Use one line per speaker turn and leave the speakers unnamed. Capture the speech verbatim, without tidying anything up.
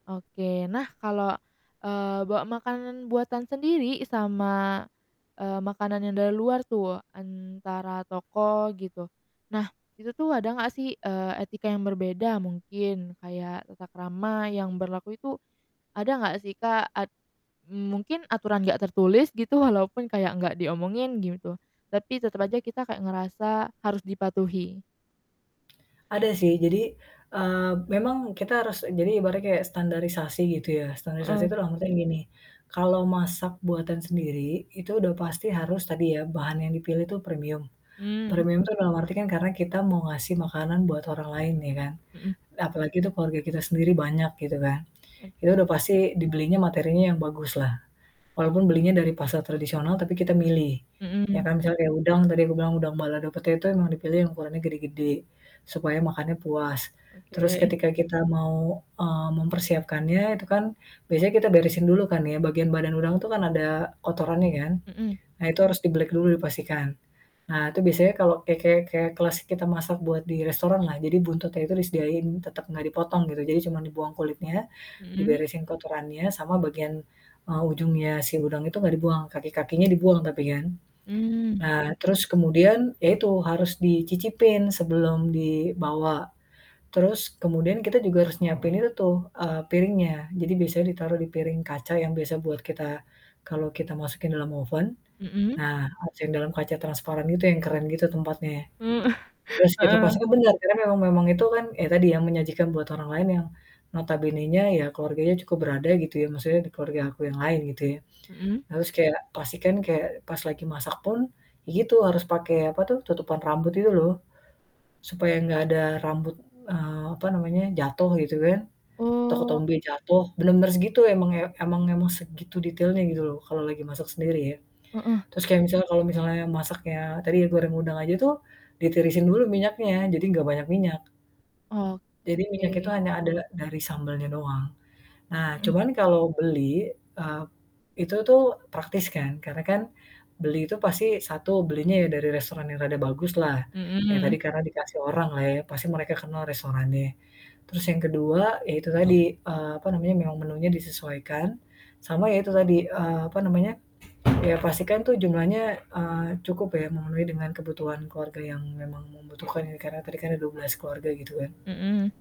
Oke. Nah kalau, eee, bawa makanan buatan sendiri sama, eee, makanan yang dari luar tuh, antara toko gitu, nah, itu tuh ada gak sih, eee, etika yang berbeda mungkin kayak tata krama yang berlaku itu, ada enggak sih, Kak? At eee, mungkin aturan gak tertulis gitu walaupun kayak enggak diomongin gitu. Tapi tetep aja kita kayak ngerasa harus dipatuhi.
Ada sih. Jadi, eee, memang kita harus jadi ibaratnya kayak standarisasi gitu ya. Standarisasi
Mhm.
itu dalam artian gini, kalau masak buatan sendiri itu udah pasti harus tadi ya, bahan yang dipilih tuh premium.
Mmm.
Premium itu dalam arti kan karena kita mau ngasih makanan buat orang lain, ya kan?
Mhm.
Apalagi itu keluarga kita sendiri banyak gitu kan.
Oke.
Itu udah pasti dibelinya materinya yang bagus lah. Walaupun belinya dari pasar tradisional tapi kita milih, ya
Mhm.
kan. Misalnya kayak udang, tadi aku bilang udang balado pete itu emang dipilih yang ukurannya gede-gede, supaya makannya puas. Terus
Oke.
ketika kita mau, eee, mempersiapkannya itu kan biasanya kita beresin dulu kan ya, bagian badan udang itu kan ada kotorannya kan,
Mhm.
nah itu harus dibelik dulu, dipastikan. Nah itu biasanya kalau kayak kayak kayak kelas kita masak buat di restoran lah. Jadi buntutnya itu disediain tetep gak dipotong gitu, jadi cuman dibuang kulitnya,
Mhm.
diberesin kotorannya sama bagian, eee, ujungnya si udang itu gak dibuang, kaki-kakinya dibuang tapi kan.
Hmm,
Nah terus
oke.
kemudian, ya itu harus dicicipin sebelum dibawa. Terus kemudian kita juga harus nyiapin itu tuh, eee, piringnya. Jadi biasanya ditaruh di piring kaca yang biasa buat kita, kalau kita masukin dalam oven,
Mhm?
nah [unintelligible] dalam kaca transparan gitu yang keren gitu tempatnya.
Hmm
Terus kita
heeh.
pastikan bener karena memang memang itu kan ya tadi yang menyajikan buat orang lain yang notabenenya ya keluarganya cukup berada gitu ya, maksudnya di keluarga aku yang lain gitu ya.
Mhm.
Harus kayak pastikan kayak pas lagi masak pun ya gitu, harus pake apa tuh, tutupan rambut gitu loh. Supaya enggak ada rambut, eee, apa namanya, jatuh gitu kan, atau
Oh.
ketombe jatuh, bener-bener segitu emang ya emang emang segitu detailnya gitu loh, kalau lagi masak sendiri ya.
Mhm.
Terus kayak misalnya kalau misalnya masaknya tadi yang goreng udang aja tuh, ditirisin dulu minyaknya, jadi enggak banyak minyak. Jadi minyak itu
Oke.
hanya adala dari sambalnya doang. Nah
Hmm.
cuman kalau beli, eee, itu tuh praktis kan, karena kan beli itu pasti satu, belinya ya dari restoran yang rada baguslah. Ya tadi
Mmm.
karena dikasih orang lah ya, pasti mereka kenal restorannya. Terus yang kedua ya itu tadi, eee, apa namanya, memang menunya disesuaikan, sama ya itu tadi, eee, apa namanya, ya pastikan tuh jumlahnya, eee, cukup ya memenuhi dengan kebutuhan keluarga yang memang membutuhkan ini karena tadi kan ada dua belas keluarga gitu kan.
Hmm.